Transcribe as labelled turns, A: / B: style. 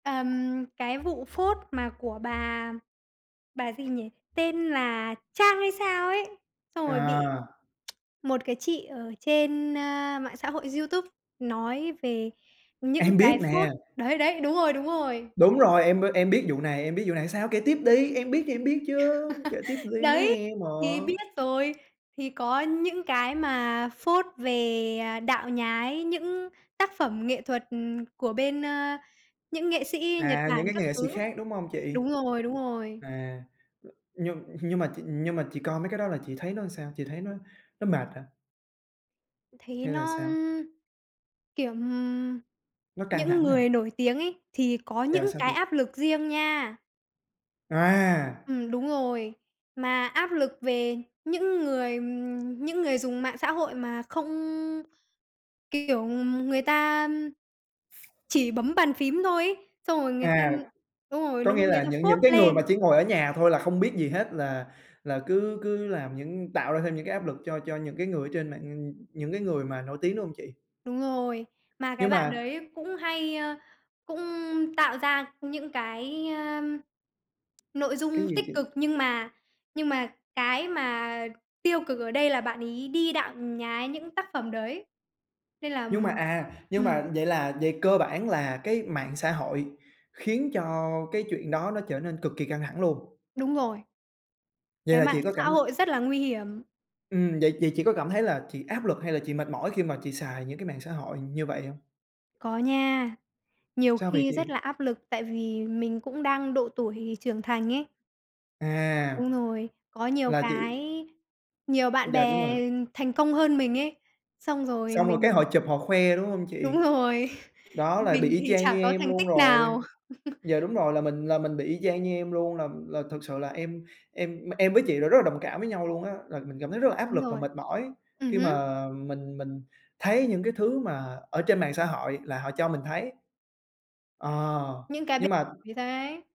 A: Ờm, cái vụ phốt mà của bà, bà gì nhỉ? Tên là Trang hay sao ấy, xong rồi bị
B: À!
A: một cái chị ở trên, a, mạng xã hội YouTube nói về những
B: Em
A: cái
B: biết
A: phốt
B: nè.
A: đấy, đấy, đúng rồi, đúng rồi.
B: Đúng rồi, em b em biết vụ này, em biết vụ này, sao kể tiếp đi, em biết, em biết chứ, kể tiếp đi, em muốn
A: Đấy,
B: nghe mà.
A: thì biết rồi, thì có những cái mà phốt về, à, đạo nhái, những tác phẩm nghệ thuật, ừm, của bên, ơ, những nghệ sĩ Nhật
B: À, những
A: Bản
B: cái
A: các
B: nghệ sĩ
A: thứ.
B: khác, đúng hông chị?
A: Đúng rồi, đúng rồi.
B: À, nhưng nhưng mà chị nhưng mà chị coi mấy cái đó là chị thấy nó làm sao, chị thấy nó nó mệt hả?
A: Thì
B: Hay là
A: nó,
B: sao?
A: ưm, kiểu, ừm,
B: Nó căng
A: những
B: thẳng hả?
A: người nổi tiếng ấy thì có
B: Dạ
A: những
B: sao chị?
A: cái áp lực riêng nha.
B: À!
A: Ừm, đúng rồi, mà áp lực về những người, ừm, những người dùng mạng xã hội mà không kiểu, ừm, người ta chỉ bấm bàn phím thôi ấy, xong rồi người ta
B: À,
A: đúng rồi,
B: có
A: nó
B: nghĩa
A: người
B: là
A: ta
B: những
A: phốt
B: những cái người mà
A: lên.
B: chỉ ngồi ở nhà thôi là không biết gì hết là là cứ cứ làm những tạo ra thêm những cái áp lực cho cho những cái người ở trên mạng, nh những cái người mà nổi tiếng, đúng hông chị?
A: Đúng rồi, mà
B: Nhưng
A: cái bạn
B: mà
A: đấy cũng hay, ơ, cũng tạo ra những cái, ơi, nội
B: Cái
A: dung
B: gì
A: tích
B: chị?
A: cực nhưng mà nhưng mà cái mà tiêu cực ở đây là bạn ấy đi đạo nhái những tác phẩm đấy. Nên là,
B: Nhưng mà,
A: ừm
B: à, nhưng
A: ừm.
B: mà vậy là vậy cơ bản là cái mạng xã hội khiến cho cái chuyện đó nó trở nên cực kì căng thẳng luôn?
A: Đúng rồi.
B: Vậy
A: Cái
B: là chị
A: mạng
B: có
A: xã
B: cảm la
A: hội rất là nguy hiểm.
B: Ừm, vậy chị chị có cảm thấy là chị áp lực hay là chị mệt mỏi khi mà chị xài những cái mạng xã hội như vậy hông?
A: Có nha, nhiều
B: Sao vậy
A: khi rất
B: chị?
A: là áp lực tại vì mình cũng đang độ tuổi trưởng thành ấy.
B: À!
A: [unintelligible] có nhiều
B: Là chị
A: cái nhiều bạn
B: Dạ, đúng
A: bè
B: rồi.
A: thành công hơn mình ấy, xong rồi
B: Xong rồi cái họ
A: mình
B: chụp, họ khoe, đúng hông chị?
A: Đúng rồi,
B: Đó là bị
A: mình
B: y
A: thì
B: chang như
A: chả có
B: em
A: thành
B: luôn
A: tích
B: rồi
A: nào.
B: dạ, đúng rồi là mình là mình bị y chang như em luôn là là thực sự là em em em với chị là rất là đồng cảm với nhau luôn á, là mình cảm thấy rất là áp
A: Đúng
B: lực và
A: rồi,
B: mệt mỏi
A: ừm
B: khi
A: hứm.
B: mà mình mình thấy những cái thứ mà ở trên mạng xã hội là họ cho mình thấy. Ờ,
A: Những cái b
B: nhưng mà
A: [unintelligible]